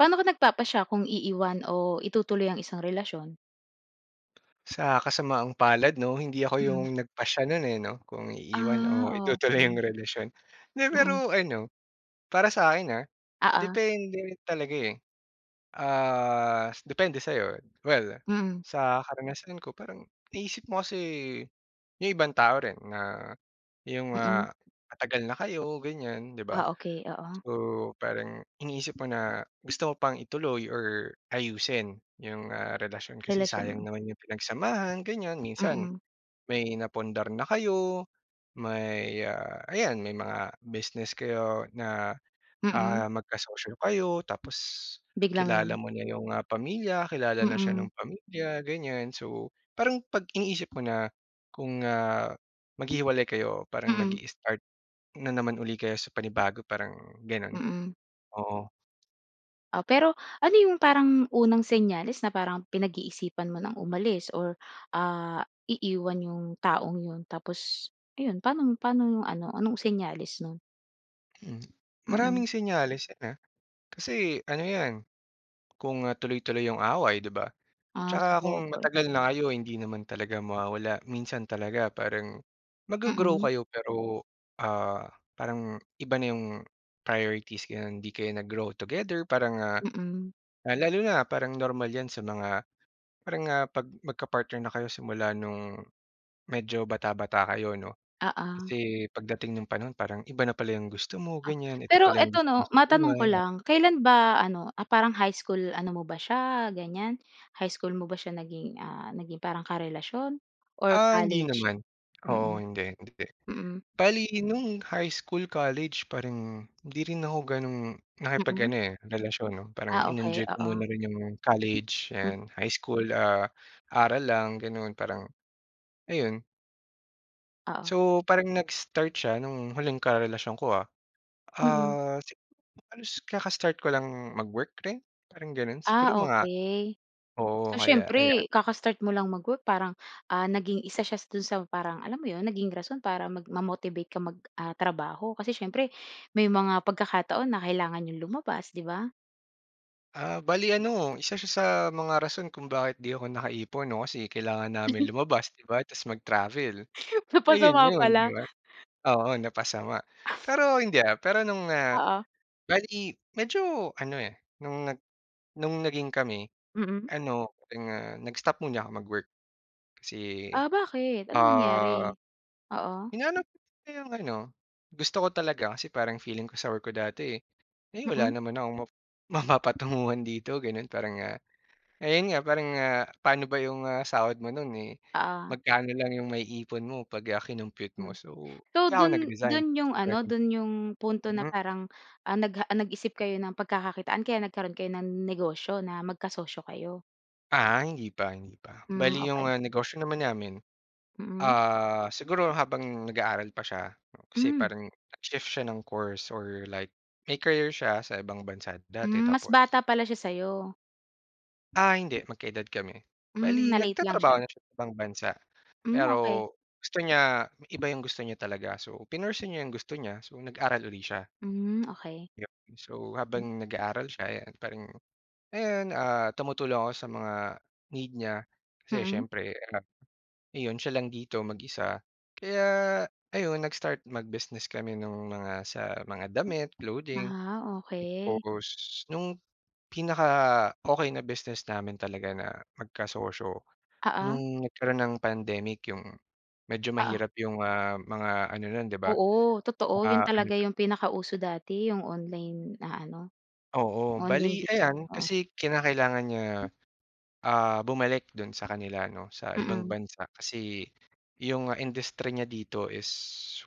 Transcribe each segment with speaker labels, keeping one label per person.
Speaker 1: Paano ka nagpapasya kung iiwan o itutuloy ang isang relasyon?
Speaker 2: Sa kasamaang palad 'no, hindi ako yung
Speaker 1: Mhm.
Speaker 2: nagpasya no'n, eh 'no, kung iiwan
Speaker 1: Ah,
Speaker 2: o itutuloy yung
Speaker 1: okey.
Speaker 2: relasyon. 'Di,
Speaker 1: Mhm.
Speaker 2: pero ano, para sa'kin ah,
Speaker 1: Oo.
Speaker 2: depende talaga, eh. Ah, depende sa'yo. Well,
Speaker 1: Mhm.
Speaker 2: sa karanasan ko parang inisip mo kasi yung ibang tao rin na yung,
Speaker 1: Mhm.
Speaker 2: ah, matagal na kayo ganiyan, di ba?
Speaker 1: Ah, okey, oo.
Speaker 2: So parang iniisip mo na gusto mo pang ituloy or ayusin yung, ah, relasyon kasi
Speaker 1: Relasyon,
Speaker 2: sayang
Speaker 1: hmm.
Speaker 2: naman yung pinagsamahan ganiyan, minsan
Speaker 1: Mhm.
Speaker 2: may napundar na kayo may, ah, ayan may mga business kayo na,
Speaker 1: Mhm.
Speaker 2: ah, magkasosyo kayo tapos kilala
Speaker 1: Biglang
Speaker 2: mo na yung, ah, pamilya, kilala na siya
Speaker 1: Mhm.
Speaker 2: nung pamilya ganiyan. So parang 'pag iniisip mo na kung, ah, maghihiwalay kayo parang
Speaker 1: Mhm.
Speaker 2: mag-i-start na naman 'uli kayo sa panibago parang gano'n,
Speaker 1: Mhm.
Speaker 2: oo.
Speaker 1: O pero ano yung parang unang senyales na parang pinag-iisipan mo ng umalis, or, ah, iiwan yung taong 'yon? Tapos ayun, pa'no mo, pa'no mo ano, anong senyales no'n?
Speaker 2: Hmm,
Speaker 1: Mm.
Speaker 2: maraming senyales 'yan, ah, kasi ano 'yan kung, ah, tuloy-tuloy 'yong away, 'di ba?
Speaker 1: Ah,
Speaker 2: Tsaka kung
Speaker 1: sabagay.
Speaker 2: matagal na kayo, hindi naman talaga mawawala. Minsan talaga parang mag-go-grow
Speaker 1: Mm.
Speaker 2: kayo pero, ah, parang iba na 'yong priorities, gano'n. Hindi kayo nag-grow together parang, ah
Speaker 1: Mm.
Speaker 2: ah, lalo na parang normal 'yan sa mga parang, ah, 'pag magka-partner na kayo simula no'ng medyo bata-bata kayo, 'no?
Speaker 1: Oo.
Speaker 2: Kasi pagdating nung panahon, parang iba na pala 'yong gusto mo, ganyan. Ito
Speaker 1: Pero,
Speaker 2: pala 'yong
Speaker 1: eto
Speaker 2: gusto mo
Speaker 1: 'no,
Speaker 2: sa
Speaker 1: matanong
Speaker 2: buhay,
Speaker 1: ko
Speaker 2: ya
Speaker 1: lang. Kailan ba ano, ah, parang high school ano mo ba siya, ganyan? High school mo ba siya naging, ah, naging parang karelasyon or
Speaker 2: Ah, hindi
Speaker 1: college?
Speaker 2: naman. Oo,
Speaker 1: Mm.
Speaker 2: hindi, hindi.
Speaker 1: Mm.
Speaker 2: Bale no'ng high school, college, parang hindi rin ako gano'ng
Speaker 1: Mm.
Speaker 2: nakipag-ano, eh, relasyon, 'no? Parang
Speaker 1: Ah, okey,
Speaker 2: in-enjoy ko
Speaker 1: oo.
Speaker 2: muna rin 'yong college
Speaker 1: M
Speaker 2: and high school. Ah, aral lang, gano'n, parang, ayon.
Speaker 1: Oo.
Speaker 2: So, parang nag-start siya nung huling karelasyon ko, ah.
Speaker 1: Mm.
Speaker 2: Ah, siguro halos kakastart ko lang mag-work rin, parang gano'n. Siguro
Speaker 1: Ah,
Speaker 2: mga
Speaker 1: okey.
Speaker 2: oo
Speaker 1: So,
Speaker 2: kaya ayan.
Speaker 1: siyempre kaka-start mo lang mag-work parang, ah, naging isa siya do'n sa parang alam mo 'yon, naging rason para mag ma-motivate ka mag, ah, trabaho. Kasi siyempre may mga pagkakataon na kailangan n'yong lumabas, 'di ba?
Speaker 2: Ah, bale ano, isa siya sa mga rason kung bakit 'di ako nakaipon, 'no, kasi kailangan namin
Speaker 1: Mhm.
Speaker 2: lumabas, 'di ba, ta's mag-travel. Ayun
Speaker 1: Napasama
Speaker 2: 'yon, 'di
Speaker 1: pala.
Speaker 2: ba? Oo, napasama. Pero hindi, ah, pero nung, ah,
Speaker 1: Oo.
Speaker 2: bale medyo ano, eh, nung nag nung naging kami,
Speaker 1: Mm.
Speaker 2: ano, parang, ah, nag-stop muna ako mag-work. Kasi,
Speaker 1: Ah, bakit? Anong
Speaker 2: ah,
Speaker 1: nangyari? Oo.
Speaker 2: hinanap ko 'yong ano, gusto ko talaga kasi parang feeling ko sa work ko dati, "Ay wala
Speaker 1: Mm.
Speaker 2: naman akong map mapapatunguhan dito." gano'n. Parang, ah, ayun nga, parang, ah, paano ba 'yong, ah, sahod mo no'n, eh,
Speaker 1: Oo.
Speaker 2: magkano lang 'yong maiipon mo 'pag, ah, kinompyut mo.
Speaker 1: Hmm.
Speaker 2: So,
Speaker 1: So
Speaker 2: kaya ako
Speaker 1: dun
Speaker 2: nag-resign,
Speaker 1: dun yung
Speaker 2: parang
Speaker 1: ano,
Speaker 2: gano'n.
Speaker 1: dun yung punto na
Speaker 2: Mm.
Speaker 1: parang, ah, nagha ah, nag-isip kayo ng pagkakakitaan, kaya nagkaroon kayo ng negosyo na magkasosyo kayo?
Speaker 2: Ah, hindi pa, hindi pa.
Speaker 1: Hmm,
Speaker 2: Bale 'yong,
Speaker 1: okey.
Speaker 2: ah, negosyo naman namin,
Speaker 1: Mm.
Speaker 2: ah, siguro habang nag-aaral pa siya. Kasi
Speaker 1: Hmm.
Speaker 2: parang nag-shift siya ng course or like may career siya sa ibang bansa dati,
Speaker 1: Hmm, mas bata
Speaker 2: tapos
Speaker 1: pala siya sa 'yo.
Speaker 2: Ah, hindi, magka-edad kami. Bale,
Speaker 1: Hmm, na-late lang
Speaker 2: nagtatrabaho
Speaker 1: siya.
Speaker 2: na siya sa ibang bansa,
Speaker 1: Hmm,
Speaker 2: pero
Speaker 1: okey.
Speaker 2: gusto niya iba yung gusto niya talaga. So, pinursue niya yung gusto niya, so nag-aral uli siya.
Speaker 1: Hmm, okey.
Speaker 2: Yup and so,
Speaker 1: M
Speaker 2: habang nag-aaral siya, eh, yan, parang ayan, ah, tumutulong ako sa mga need niya. Kasi
Speaker 1: Mm.
Speaker 2: siyempre, ah, ayon, siya lang dito, mag-isa. Kaya ayon, nag-start mag-business kami nung mga sa mga damit, clothing.
Speaker 1: Ah, okey.
Speaker 2: Tapos no'ng pinaka-okey na business namin talaga na magka-sosyo,
Speaker 1: Oo.
Speaker 2: no'ng nagkaroon ng pandemic. 'Yong medyo
Speaker 1: Oo.
Speaker 2: mahirap 'yong, ah, mga ano no'n 'di ba,
Speaker 1: Oo, totoo. Yun
Speaker 2: ah, ano
Speaker 1: talaga
Speaker 2: 'to?
Speaker 1: yung pinakauso dati. Yung online na ano,
Speaker 2: Oo, bale
Speaker 1: online bi
Speaker 2: ayan, kasi
Speaker 1: oo.
Speaker 2: kinakailangan niya, ah, bumalik do'n sa kanila 'no, sa ibang
Speaker 1: Mm.
Speaker 2: bansa. Kasi 'yong industry niya dito is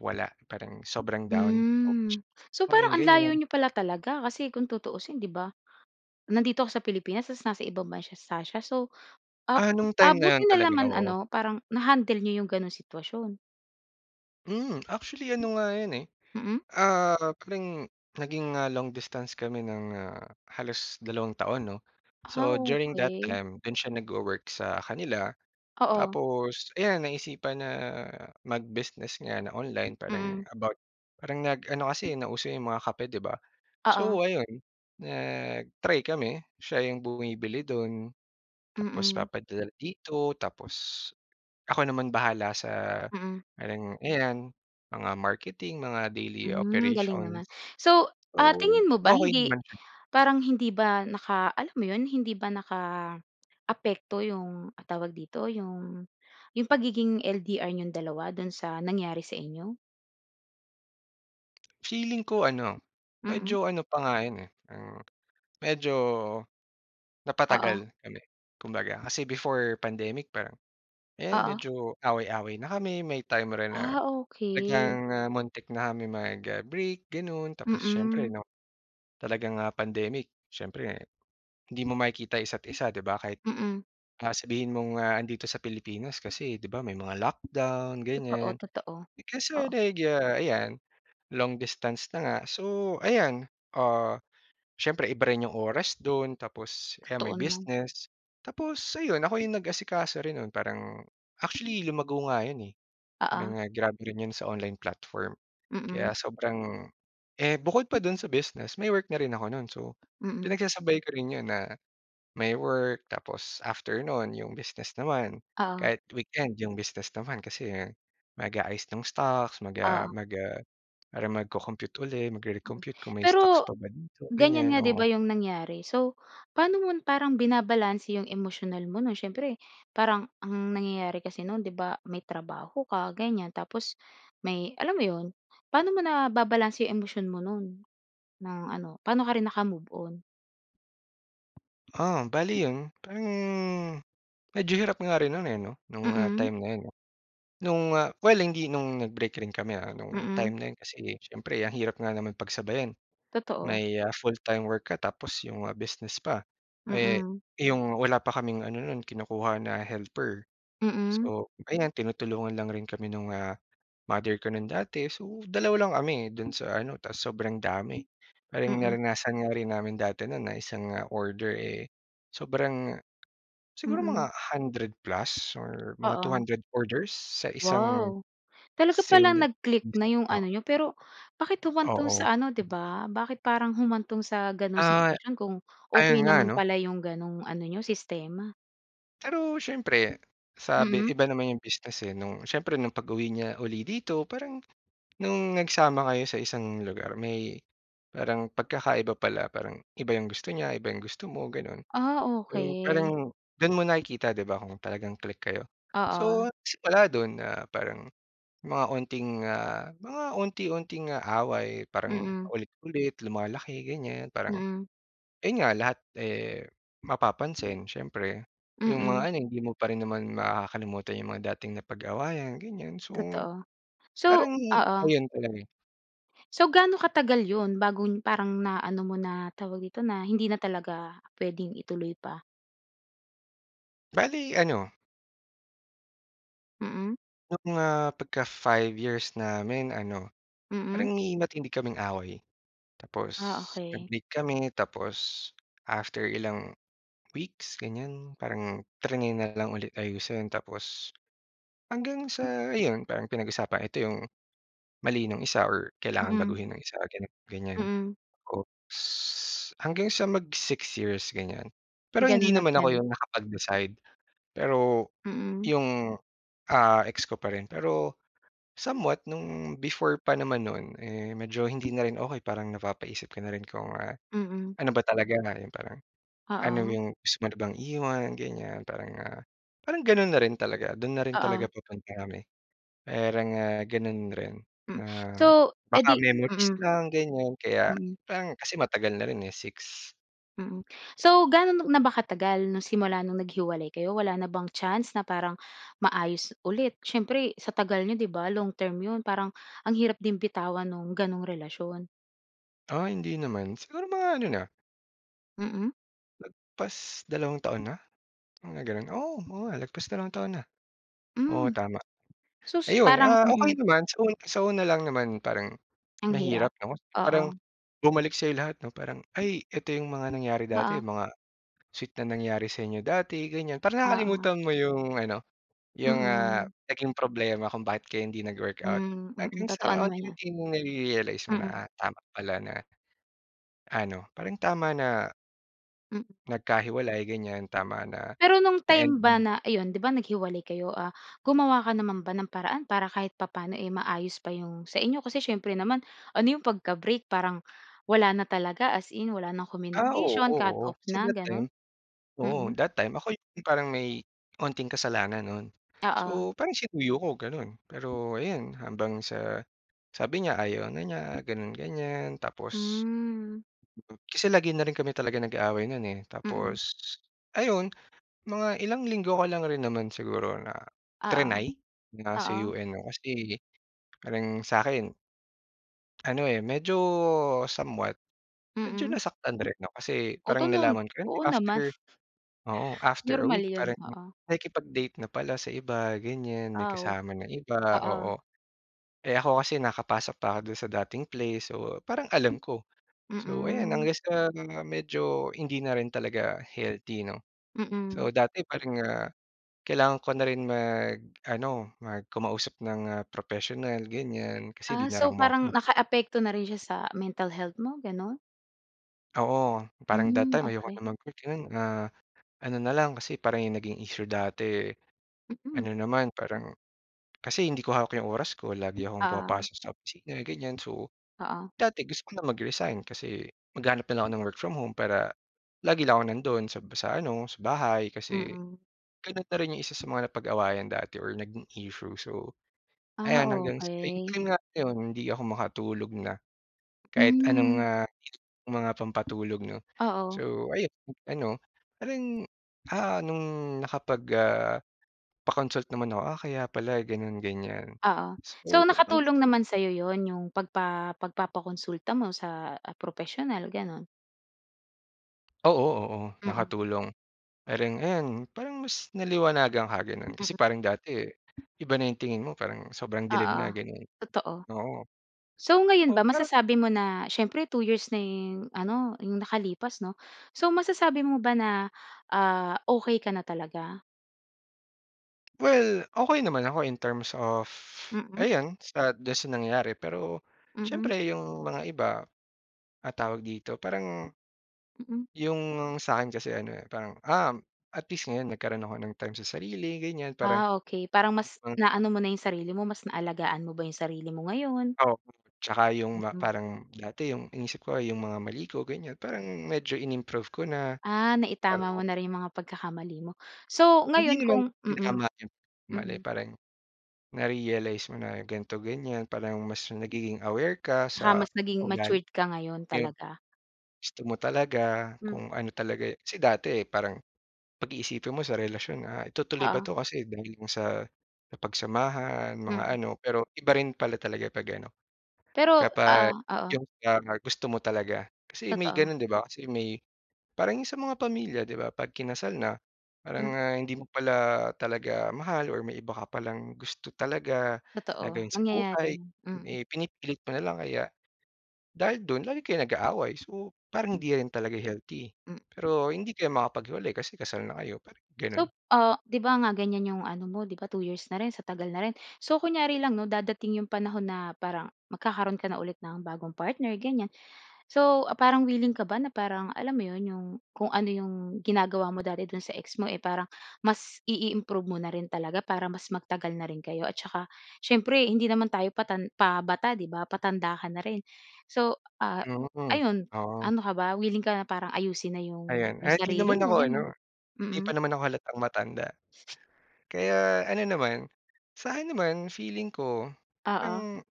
Speaker 2: wala, parang sobrang down, [unintelligible]
Speaker 1: Hmm. So,
Speaker 2: Parang
Speaker 1: parang
Speaker 2: yung
Speaker 1: ang layo
Speaker 2: ganyan.
Speaker 1: n'yo pala talaga, kasi kung tutuusin, 'di ba? Nandito ka sa Pilipinas, ta's nasa ibang bansa sa siya so, ap
Speaker 2: Ah, no'ng
Speaker 1: ah,
Speaker 2: time na yun,
Speaker 1: buti na
Speaker 2: talaga,
Speaker 1: lang man
Speaker 2: oo.
Speaker 1: ano, parang na-handle n'yo 'yong gano'n sitwasyon?
Speaker 2: Mm. Actually ano nga yun eh,
Speaker 1: Mm.
Speaker 2: ah, parang naging, ah, long distance kami ng, ah, halos dalawang taon 'no.
Speaker 1: Ah,
Speaker 2: So during that
Speaker 1: okey.
Speaker 2: time, dun siya nagwo-work sa kanila,
Speaker 1: Oo.
Speaker 2: tapos ayan naisipan na mag-business nga na online parang
Speaker 1: Mm.
Speaker 2: about parang nag-ano kasi, eh, nauso yung mga kape ‘di ba.
Speaker 1: Oo.
Speaker 2: So ayun, nag-try kami. Siya yung bumibili dun, tapos
Speaker 1: Mm.
Speaker 2: papadala dito, tapos ako naman bahala sa
Speaker 1: Mm.
Speaker 2: parang, ayan mga marketing, mga daily
Speaker 1: Hmm, galing
Speaker 2: operation.
Speaker 1: naman. So, ah,
Speaker 2: Oo.
Speaker 1: tingin mo ba,
Speaker 2: Okey
Speaker 1: hindi
Speaker 2: naman siya.
Speaker 1: parang hindi ba naka alam mo yun, hindi ba nakaapekto yung, ah, tawag dito, yung yung pagiging LDR ninyong dalawa dun sa nangyari sa inyo?
Speaker 2: Feeling ko ano,
Speaker 1: Mm.
Speaker 2: medyo ano pa nga yun, eh, parang medyo
Speaker 1: Oo.
Speaker 2: napatagal kami kumbaga kasi before pandemic, parang ayan,
Speaker 1: Oo.
Speaker 2: medyo away-away na kami. May time rin na
Speaker 1: Ah,
Speaker 2: talagang,
Speaker 1: okey.
Speaker 2: ah, muntik na kaming mag, ah, break ganun tapos siyempre
Speaker 1: Mm.
Speaker 2: 'no talagang, ah, pandemic siyempre hindi mo yung makikita isa't isa 'di ba, kahit,
Speaker 1: Mm.
Speaker 2: ah, sabihin mong, ah, andito sa Pilipinas kasi di ba, may mga lockdown
Speaker 1: Totoo,
Speaker 2: ganiyan.
Speaker 1: totoo.
Speaker 2: Kasi
Speaker 1: Oo.
Speaker 2: nagya ayan, long distance na nga, so ayan, ah, siyempre iba rin yung oras dun, tapos ayan may
Speaker 1: Totoo naman.
Speaker 2: business. Tapos ayun, ako yung nag-asikaso rin nun. Parang, actually lumago nga yun, eh,
Speaker 1: Oo.
Speaker 2: parang, ah, grabe rin yun sa online platform. Kaya
Speaker 1: Mm.
Speaker 2: sobrang eh, bukod pa dun sa business, may work na rin ako nun. So
Speaker 1: Mm.
Speaker 2: pinagsasabay ko rin yun na, may work tapos after no’n yung business naman.
Speaker 1: Oo.
Speaker 2: Kahit weekend, yung business naman kasi mag-aayos ng stocks, mag, ah,
Speaker 1: Oo.
Speaker 2: mag, ah, parang magco-compute uli, magre-recompute kung may stocks
Speaker 1: Pero,
Speaker 2: pa ba dito,
Speaker 1: ganiyan nga
Speaker 2: ganiyan.
Speaker 1: ‘di ba
Speaker 2: Oo.
Speaker 1: yung nangyari. So paano mo parang binabalanse yung emosyonal mo nun? Siyempre, parang ang nangyayari kasi nun ‘di ba, may trabaho ka ganiyan, tapos may alam mo yun, paano mo nababalanse yung emosyon mo nun ng ano, paano ka rin nakamove-on?
Speaker 2: Ah, bale yun. Parang medyo hirap nga rin no'n, eh, ‘no, nung
Speaker 1: Mm.
Speaker 2: time na yun ‘no. Nung well, hindi nung nag-break rin kami, ah, nung time
Speaker 1: Mm.
Speaker 2: na yun kasi siyempre ang hirap nga naman pagsabayin,
Speaker 1: Totoo.
Speaker 2: may, ah, full-time work ka tapos yung mga business pa. Eh,
Speaker 1: Mm.
Speaker 2: yung wala pa kaming ano no'n, kinukuha na helper.
Speaker 1: Mm.
Speaker 2: So ayan, tinutulungan lang rin kami nung, ah, mother ko no'n, dati. So, 2 lang kami do'n sa ano, tapos sobrang dami, parang
Speaker 1: Mm.
Speaker 2: naranasan nga rin namin dati no'n na isang order, eh, sobrang siguro mga
Speaker 1: Mm.
Speaker 2: 100+ Or mga two
Speaker 1: Oo.
Speaker 2: hundred orders sa isang
Speaker 1: Wow. Talaga palang
Speaker 2: sale,
Speaker 1: nag-click na
Speaker 2: [unintelligible]
Speaker 1: 'yong
Speaker 2: oo.
Speaker 1: ano n'yo pero, bakit humantong
Speaker 2: Oo.
Speaker 1: sa ano 'di ba? Bakit parang humantong sa gano’ng
Speaker 2: Ah,
Speaker 1: sitwasyon kung okey
Speaker 2: ayun nga
Speaker 1: naman
Speaker 2: 'no.
Speaker 1: pala 'yong gano'ng ano n'yo, sistema?
Speaker 2: Pero siyempre, sa be
Speaker 1: Mm.
Speaker 2: iba naman 'yong business, eh, no'ng siyempre nung pag-uwi niya 'uli dito parang no'ng nagsama kayo sa isang lugar. May parang pagkakaiba pala, parang iba 'yong gusto niya, iba 'yong gusto mo, gano'n.
Speaker 1: Ah,
Speaker 2: So,
Speaker 1: okey.
Speaker 2: parang do’n mo nakikita 'di ba, kung talagang click kayo.
Speaker 1: Oo.
Speaker 2: So, nagsimula do'n na parang mga unting, ah, mga unti-unting away parang
Speaker 1: Mm.
Speaker 2: paulit-ulit, lumalaki, ganyan. Parang
Speaker 1: Mm.
Speaker 2: ayon nga, lahat, eh, mapapansin siyempre. Yung mga
Speaker 1: Mm.
Speaker 2: ano, hindi mo pa rin naman makakalimutan yung mga dating napag-awayan, ganiyan. So,
Speaker 1: Totoo. So
Speaker 2: parang
Speaker 1: oo.
Speaker 2: ayun talaga.
Speaker 1: So, gaano katagal yun, bago parang naano mo na, tawag dito na, hindi na talaga puwedeng ituloy pa?
Speaker 2: Bale, ano
Speaker 1: Mm.
Speaker 2: Yung, ah, pagka-five years namin ano,
Speaker 1: Mm.
Speaker 2: parang may matindi kaming away. Tapos,
Speaker 1: Ah, okey.
Speaker 2: nag-break kami, tapos after ilang weeks ganiyan, parang triny na lang ulit ayusin. Tapos, hanggang sa ayun, parang pinag-usapan, ito 'yong mali nung isa or kailangan
Speaker 1: Mm.
Speaker 2: baguhin nung isa, ganito, ganyan.
Speaker 1: Mm.
Speaker 2: Oops! Hanggang sa mag-six years ganyan, pero hindi
Speaker 1: Gano'n at
Speaker 2: naman ako
Speaker 1: gano'n.
Speaker 2: 'yon nakapag-decide. Pero,
Speaker 1: Mm.
Speaker 2: 'yong, ah, ex ko pa rin. Pero, somewhat, no'ng before pa naman no'n, eh, medyo hindi na rin okey. Parang, napapaisip ka na rin kung, ah,
Speaker 1: Mm.
Speaker 2: ano ba talaga 'yon, yung parang ano
Speaker 1: Oo.
Speaker 2: 'yong gusto mo na bang iwan, ganyan. Parang, ah, parang gano'n na rin talaga do'n na rin
Speaker 1: Oo.
Speaker 2: talaga papunta kami. Parang, ah, gano'n rin
Speaker 1: Hmm.
Speaker 2: na
Speaker 1: So eh,
Speaker 2: baka
Speaker 1: di
Speaker 2: memories
Speaker 1: mm.
Speaker 2: lang ganyan, kaya
Speaker 1: Mm.
Speaker 2: parang kasi matagal na rin, eh, 6.
Speaker 1: Mm, so, gaano na ba katagal 'no, simula nung naghiwalay kayo? Wala na bang chance na parang maayos ulit? Siyempre sa tagal niyo, 'di ba, long term 'yon, parang ang hirap din bitawan no'ng ganong relasyon.
Speaker 2: Ah, hindi naman, siguro mga ano na
Speaker 1: Mm.
Speaker 2: Lagpas dalawang taon na, mga gano'n. Oo, oo nga lagpas dalawang taon na. Oo,
Speaker 1: Hmm,
Speaker 2: tama!
Speaker 1: so s
Speaker 2: Ayun,
Speaker 1: parang
Speaker 2: ah,
Speaker 1: mm.
Speaker 2: okey naman sa u sa una lang naman parang
Speaker 1: Ang hirap,
Speaker 2: mahirap 'no, parang
Speaker 1: oo.
Speaker 2: bumalik sa'yo lahat 'no, parang, ay, eto 'yong mga nangyari dati,
Speaker 1: Oo.
Speaker 2: mga sweet na nangyari sa inyo dati, ganyan. Parang
Speaker 1: Oo.
Speaker 2: nakakalimutan mo 'yong ano 'yong, ah,
Speaker 1: Mm.
Speaker 2: naging problema kung bakit kayo hindi nag-workout
Speaker 1: Hmm, mm,
Speaker 2: hanggang
Speaker 1: totoo
Speaker 2: sa
Speaker 1: naman 'yon.
Speaker 2: unti-unti mong nare-realize mo na,
Speaker 1: Mm.
Speaker 2: ah, tama pala na ano, parang tama na
Speaker 1: Mm.
Speaker 2: nagkahiwalay, ganyan. Tama na
Speaker 1: Pero, no'ng time
Speaker 2: na-end
Speaker 1: ba
Speaker 2: na.
Speaker 1: na iyon,'di ba, naghiwalay kayo? Ah, gumawa ka naman ba ng paraan para kahit papaano, eh, maayos pa 'yong sa inyo? Kasi siyempre naman ano 'yong pagka-break, parang wala na talaga as in, wala ng
Speaker 2: Ah, oo,
Speaker 1: communication,
Speaker 2: oo,
Speaker 1: cut-off
Speaker 2: kasi
Speaker 1: na
Speaker 2: that time
Speaker 1: gano'n?
Speaker 2: oo,
Speaker 1: Mm.
Speaker 2: that time ako yung parang may onting kasalanan no'n.
Speaker 1: Oo.
Speaker 2: So, parang sinuyo ko, gano'n. Pero ayun, habang sa sabi niya ayaw na niya gano'n ganyan, tapos
Speaker 1: Hmm.
Speaker 2: mm. Kasi lagi na rin kami talaga nag-aaway no'n, eh.
Speaker 1: Mm.
Speaker 2: Tapos, ayun mga ilang linggo ko lang rin naman siguro na
Speaker 1: Oo,
Speaker 2: tri-ny na
Speaker 1: oo.
Speaker 2: suyuin 'no kasi, parang sa 'kin ano, eh, medyo somewhat, medyo
Speaker 1: Mm.
Speaker 2: nasaktan rin 'no, kasi,
Speaker 1: Oto
Speaker 2: parang
Speaker 1: no'n.
Speaker 2: nalaman ko rin
Speaker 1: Oo naman.
Speaker 2: after oo, after a
Speaker 1: Normal
Speaker 2: week
Speaker 1: 'yon,
Speaker 2: parang
Speaker 1: oo.
Speaker 2: nakikipag-date na pala sa iba, ganyan. May
Speaker 1: Aw!
Speaker 2: kasama ng iba,
Speaker 1: Oo.
Speaker 2: oo, eh, ako kasi nakapasok pa ako do'n sa dating place. So, parang alam ko. So, ayan
Speaker 1: Mm.
Speaker 2: hanggang sa mga medyo hindi na rin talaga healthy 'no.
Speaker 1: Mm.
Speaker 2: So, dati parang, ah, kailangan ko na rin mag-ano, mag kumausap ng, ah, professional, ganyan kasi
Speaker 1: Ah,
Speaker 2: hindi na rin
Speaker 1: so,
Speaker 2: ako maka
Speaker 1: parang
Speaker 2: hmm.
Speaker 1: nakaapekto na rin siya sa mental health mo, gano'n?
Speaker 2: Oo, parang that
Speaker 1: Mm,
Speaker 2: time ayoko na
Speaker 1: okey.
Speaker 2: mag-work, ganun, ah, ano na lang, kasi parang 'yong naging issue dati,
Speaker 1: Mhm.
Speaker 2: ano naman parang kasi hindi ko hawak 'yong oras ko lagi akong
Speaker 1: Ah.
Speaker 2: pumapasok sa opisina ganiyan. So
Speaker 1: Oo.
Speaker 2: dati, gusto ko na mag-resign kasi maghahanap na lang ako ng work from home para lagi lang ako nando'n sa sa ano, sa bahay kasi,
Speaker 1: Mm.
Speaker 2: gano'n na rin 'yong isa sa mga napag-awayan dati or naging issue. So
Speaker 1: Ah,
Speaker 2: ayan, hanggang sa
Speaker 1: okey.
Speaker 2: 'yon nga 'yon, hindi ako makatulog na kahit anong,
Speaker 1: Hmm.
Speaker 2: ah, mga pampatulog ‘no,
Speaker 1: Oo.
Speaker 2: So ayon ano parang, ah, nung nakapag, ah, pa-consult naman ako, ah, kaya pala ganun ganiyan.
Speaker 1: Oo.
Speaker 2: So
Speaker 1: So
Speaker 2: hanggang
Speaker 1: nakatulong
Speaker 2: sa
Speaker 1: naman sa’yo yun, yung pagpa pagpapakonsulta mo sa, ah, propesyonal, ganun?
Speaker 2: Oo, oo.
Speaker 1: Mm.
Speaker 2: Nakatulong. Parang ayun, parang mas naliwanagan ka gano’n. Kasi
Speaker 1: Mm.
Speaker 2: parang dati, iba na yung tingin mo, parang sobrang dilim
Speaker 1: Oo.
Speaker 2: na ganun.
Speaker 1: Totoo.
Speaker 2: Oo.
Speaker 1: So ngayon
Speaker 2: Oo,
Speaker 1: ba,
Speaker 2: pero
Speaker 1: masasabi mo na siyempre, 2 years na yung ano 'yong nakalipas ‘no? So, masasabi mo ba na, ah, okey ka na talaga?
Speaker 2: Well, okey naman ako in terms of
Speaker 1: Mm.
Speaker 2: ayan, sa do'n sa nangyari. Pero,
Speaker 1: Mm.
Speaker 2: syempre yung mga iba, ah, tawag dito parang
Speaker 1: Mm.
Speaker 2: yung sa akin kasi ano, eh, parang, "Um, at least ngayon nagkaroon ako ng time sa sarili." ganyan. Parang
Speaker 1: Ah, okey parang mas
Speaker 2: [unintelligible]
Speaker 1: naano mo na yung sarili mo, mas naalagaan mo ba yung sarili mo ngayon?
Speaker 2: Oo, tsaka yung ma
Speaker 1: Mm.
Speaker 2: parang dati yung inisip ko, yung mga mali ko, ganyan. Parang medyo in-improve ko na,
Speaker 1: Ah,
Speaker 2: para
Speaker 1: naitama mo na rin yung mga pagkakamali mo. So, ngayon
Speaker 2: Hindi naman,
Speaker 1: kung mm.
Speaker 2: tinama yung mali,
Speaker 1: Mm.
Speaker 2: parang na-realize mo na ganito, ganyan. Parang mas nagiging aware ka
Speaker 1: Tsaka
Speaker 2: sa
Speaker 1: mas naging
Speaker 2: ugali.
Speaker 1: matured ka ngayon,
Speaker 2: Eh, yung
Speaker 1: talaga.
Speaker 2: gusto mo talaga,
Speaker 1: Hm
Speaker 2: kung ano talaga kasi dati parang pag-iisipin mo sa relasyon, ah, itutuloy ba
Speaker 1: Oo.
Speaker 2: 'to, kasi, dahil ba sa napagsamahan, mga
Speaker 1: Hmm.
Speaker 2: ano. Pero, iba rin pala talaga pag ano,
Speaker 1: Pero
Speaker 2: kapag
Speaker 1: ah, oo.
Speaker 2: yung ika nga, gusto mo talaga, kasi may
Speaker 1: Totoo.
Speaker 2: gano'n 'di ba? Kasi, may parang 'yong sa mga pamilya 'di ba? Pag kinasal na, parang,
Speaker 1: Mm.
Speaker 2: ah, hindi mo pala talaga mahal or may iba ka palang gusto talaga, na
Speaker 1: Totoo,
Speaker 2: gawin sa
Speaker 1: nangyayari
Speaker 2: buhay.
Speaker 1: 'yon,
Speaker 2: Yun,
Speaker 1: mm.
Speaker 2: eh, pinipilit mo na lang kaya, dahil dun lagi kayong nag-aaway so, parang
Speaker 1: Hm
Speaker 2: hindi rin talaga healthy.
Speaker 1: M
Speaker 2: Pero, hindi kayo makapaghiwalay kasi kasal na kayo, parang gano'n.
Speaker 1: So, ah, 'di ba nga ganyan 'yong ano mo 'di ba 2 years na rin, sa tagal na rin. So kunyari lang 'no, dadating 'yong panahon na parang magkakaroon ka na ulit ng bagong partner, ganyan. So, parang willing ka ba na parang, alam mo 'yon, yung, kung ano yung ginagawa mo dati do'n sa ex mo, eh, parang mas i-i-improve mo na rin talaga para mas magtagal na rin kayo? At tsaka, siyempre hindi naman tayo patan pabata 'di ba, patanda ka na rin. So, ah,
Speaker 2: Yun,
Speaker 1: o ayun,
Speaker 2: oo.
Speaker 1: ano ka ba, wiling ka na parang ayusin na yung
Speaker 2: Ayan,
Speaker 1: yung
Speaker 2: ah, hindi
Speaker 1: sarili
Speaker 2: naman
Speaker 1: mo,
Speaker 2: ako
Speaker 1: gano'n?
Speaker 2: ano, hindi pa
Speaker 1: Mm.
Speaker 2: naman ako halatang matanda. Kaya ano naman, sa'kin naman, feeling ko
Speaker 1: Oo.
Speaker 2: ang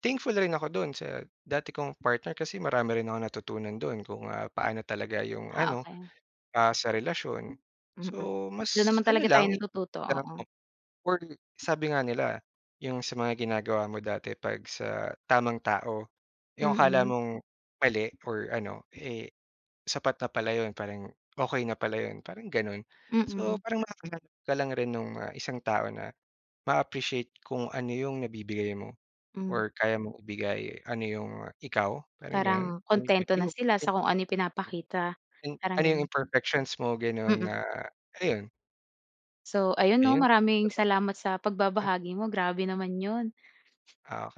Speaker 2: thankful rin ako do'n sa dati kong partner. Kasi marami rin akong natutunan do'n kung, ah, paano talaga 'yong
Speaker 1: Ah,
Speaker 2: ano,
Speaker 1: okey.
Speaker 2: ah, sa relasyon.
Speaker 1: Mm,
Speaker 2: So,
Speaker 1: doon
Speaker 2: mas
Speaker 1: naman
Speaker 2: ano
Speaker 1: talaga tayo
Speaker 2: lang,
Speaker 1: natututo, oo.
Speaker 2: [unintelligible] or sabi nga nila 'yong sa mga ginagawa mo dati 'pag sa tamang tao, 'yong akala
Speaker 1: Mm.
Speaker 2: mong mali or ano, eh, sapat na pala 'yon. Parang, okey na pala 'yon, parang gano'n. So,
Speaker 1: Mm.
Speaker 2: parang makakahanap ka lang rin nung, ah, isang tao na maa-appreciate kung ano 'yong nabibigay mo
Speaker 1: Hmm.
Speaker 2: or kaya mong ibigay, ano 'yong ikaw, parang gano'n.
Speaker 1: Parang,
Speaker 2: [unintelligible]
Speaker 1: kuntento na sila sa kung ano yung pinapakita,
Speaker 2: Yung
Speaker 1: parang
Speaker 2: ano yung
Speaker 1: gano'n.
Speaker 2: imperfections mo, ganun
Speaker 1: Mm.
Speaker 2: na, ayon.
Speaker 1: So, ayun 'no,
Speaker 2: Ayun.
Speaker 1: maraming salamat sa
Speaker 2: [unintelligible]
Speaker 1: pagbabahagi mo. Grabe naman 'yon.
Speaker 2: Ah, oke